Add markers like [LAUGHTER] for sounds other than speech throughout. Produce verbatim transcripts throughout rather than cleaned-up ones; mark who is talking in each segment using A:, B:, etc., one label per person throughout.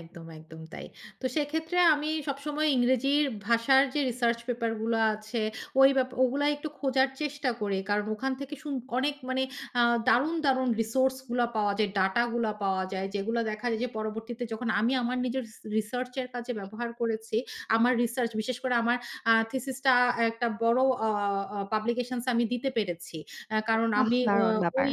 A: একদম, একদম তাই। তো সেক্ষেত্রে আমি সবসময় ইংরেজির ভাষার যে রিসার্চ পেপার গুলো আছে ওই ব্যাপা ওগুলাই একটু খোঁজার চেষ্টা করি। কারণ ওখান থেকে শুন অনেক মানে আ দারুণ, দারুণ রিসোর্স গুলা পাওয়া যায়, ডাটা গুলা পাওয়া যায়, যেগুলা দেখা যায় যে পরবর্তীতে যখন আমি আমার নিজের রিস রিসার্চের কাজে ব্যবহার করেছি, আমার রিসার্চ বিশেষ করে আমার আ থিসিস টা একটা বড় আ আ পাবলিকেশনস আমি দিতে পেরেছি। অ্যা কারণ
B: বাহ!
A: আমি অ্যা
B: দারুণ ব্যাপার।
A: ওই,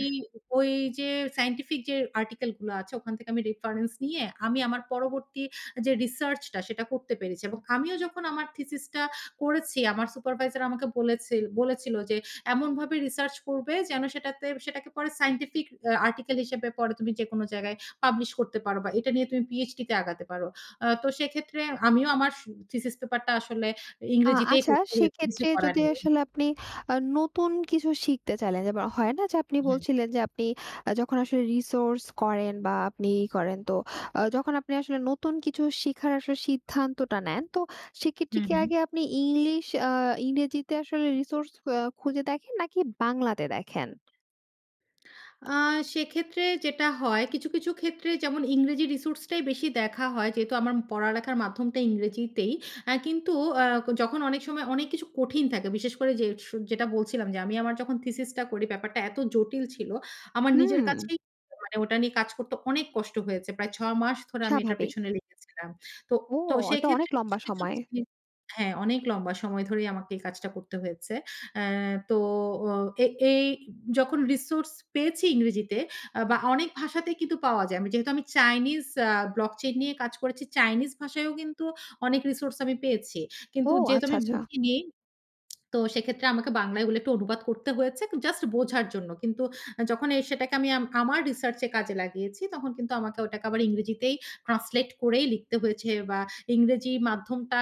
A: ওই যে সায়েন্টিফিক যে আর্টিকেল গুলা আছে ওখান থেকে আমি রেফারেন্স নিয়ে আমি আমার পরবর্তী যে রিসার্চ টা সেটা করতে পেরেছি। এবং আমিও যখন আমার থিসিস টা করেছি আমার সুপারভাইজার আমাকে বলেছেল বলেছিলো যে, "এমনভাবে রিসার্চ করবে যেন সেটাতে সেটাকে পরে সায়েন্টিফিক অ্যা আর্টিকেল হিসেবে পরে তুমি যেকোনো জায়গায় পাবলিশ করতে পারবা, এটা নিয়ে তুমি পিএচডি তে আগাতে পারো।" অ্যা তো সেক্ষেত্রে আমিও আমার সু থিসিস পেপার টা আসলে
B: আ
A: ইংরেজিতেই
B: আচ্ছা
A: করতে হয়েছে, কিছু
B: সেক্ষেত্রে
A: করার
B: যদি
A: নেই।
B: আসলে আপনি আ নতুন কিছু শিখতে চাইলেন, যেমন হয় না যে আপনি
A: হুম।
B: বলছিলেন, যে আপনি আ যখন আসলে রিসোর্স করেন বা আপনি ই করেন তো আ যখন আপনি আসলে নতুন কিছু শিখার আসলে সিদ্ধান্তটা নেন, তো সেক্ষেত্রে
A: হুম,
B: কি
A: হুম।
B: আগে আপনি ইংলিশ অ্যা ইংরেজিতে আসলে রিসোর্স আ খুঁজে দেখেন নাকি বাংলাতে দেখেন?
A: আ সেক্ষেত্রে যেটা হয় কিছু, কিছু ক্ষেত্রে যেমন ইংরেজি রিসোর্স টাই বেশি দেখা হয়, যেহেতু আমার পড়ালেখার মাধ্যমটা ইংরেজিতেই। অ্যা কিন্তু আ যখন অনেক সময় অনেক কিছু কঠিন থাকে বিশেষ করে যে সু যেটা বলছিলাম যে আমি আমার যখন থিসিস টা করি ব্যাপারটা এত জটিল ছিল, আমার নিজের
B: হুম।
A: কাছেই মানে ওটা নিয়ে কাজ করতে অনেক কষ্ট হয়েছে। প্রায় ছয় মাস ধরে আমি এটার
B: স্বাভাবিক।
A: পেছনে লেগেছিলাম। তো,
B: ও!
A: তো
B: ওতো অনেক
A: সেক্ষেত্রে
B: লম্বা
A: কিছু, কিছু
B: সময়।
A: জিনিস হ্যাঁ অনেক লম্বা সময় ধরেই আমাকে এই কাজটা করতে হয়েছে। অ্যা তো ও এ এই যখন রিসোর্স পেয়েছি ইংরেজিতে আ বা অনেক ভাষাতেই কিন্তু পাওয়া যায়। আমি যেহেতু আমি চাইনিজ আ ব্লক চেইন নিয়ে কাজ করেছি। চাইনিজ ভাষায়ও কিন্তু অনেক রিসোর্স আমি পেয়েছি।
B: ও!
A: কিন্তু যেহেতু
B: আচ্ছা,
A: আমি
B: আচ্ছা।
A: বুঝিনি তো সেক্ষেত্রে আমাকে বাংলায় এগুলো একটু অনুবাদ করতে হয়েছে, জাস্ট বোঝার জন্য। কিন্তু আ যখন এ সেটাকে আমি আম আমার রিসার্চ এ কাজে লাগিয়েছি তখন কিন্তু আমাকে ওটাকে আবার ইংরেজিতেই ট্রান্সলেট করেই লিখতে হয়েছে বা ইংরেজি মাধ্যমটা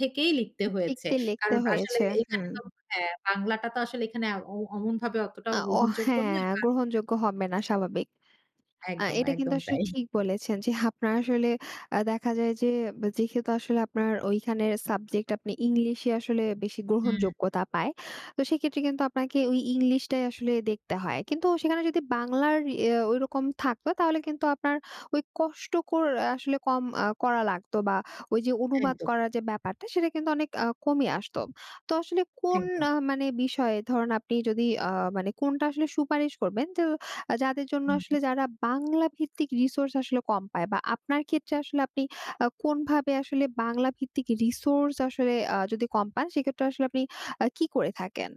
A: থেকেই লিখতে হয়েছে।
B: লিখতে, লিখতে
A: কারণ আসলে
B: হয়েছে,
A: এখানে
B: হুম।
A: তো হ্যাঁ, বাংলাটা তো আসলে এখানে এ অম অমনভাবে অতটা
B: আ ও
A: গ্রহণযোগ্য নয়।
B: হ্যাঁ, গ্রহণযোগ্য হবে না
A: [UNINTELLIGIBLE]
B: স্বাভাবিক। আ
A: একদম,
B: এটা কিন্তু
A: একদম
B: আসলে
A: তাই।
B: ঠিক বলেছেন যে আপনার আসলে আ দেখা যায় যে যেহেতু আসলে আপনার ওইখানে সাবজেক্ট আপনি ইংলিশ এ আসলে বেশি
A: হুম।
B: গ্রহণযোগ্যতা পায়। তো সেক্ষেত্রে কিন্তু আপনাকে ওই ইংলিশ টাই আসলে দেখতে হয়। কিন্তু সেখানে যদি বাংলার ইয়ে ঐরকম থাকত তাহলে কিন্তু আপনার ওই কষ্ট কর আসলে কম আ করা লাগতো বা ওই যে অনুবাদ
A: একদম।
B: করার যে ব্যাপারটা সেটা কিন্তু অনেক আ কমে আসত। তো আসলে কোন
A: একদম।
B: আ মানে বিষয়ে ধরুন আপনি যদি আ মানে কোনটা আসলে সুপারিশ করবেন যে যাদের জন্য
A: হুম, হুম।
B: আসলে যারা বাংলা ভিত্তিক রিসোর্স আসলে কম পায় বা আপনার ক্ষেত্রে আসলে আপনি আ কোনভাবে আসলে বাংলা ভিত্তিক রিসোর্স আসলে আ যদি কম পান সেক্ষেত্রে আসলে আপনি আ কি করে থাকেন?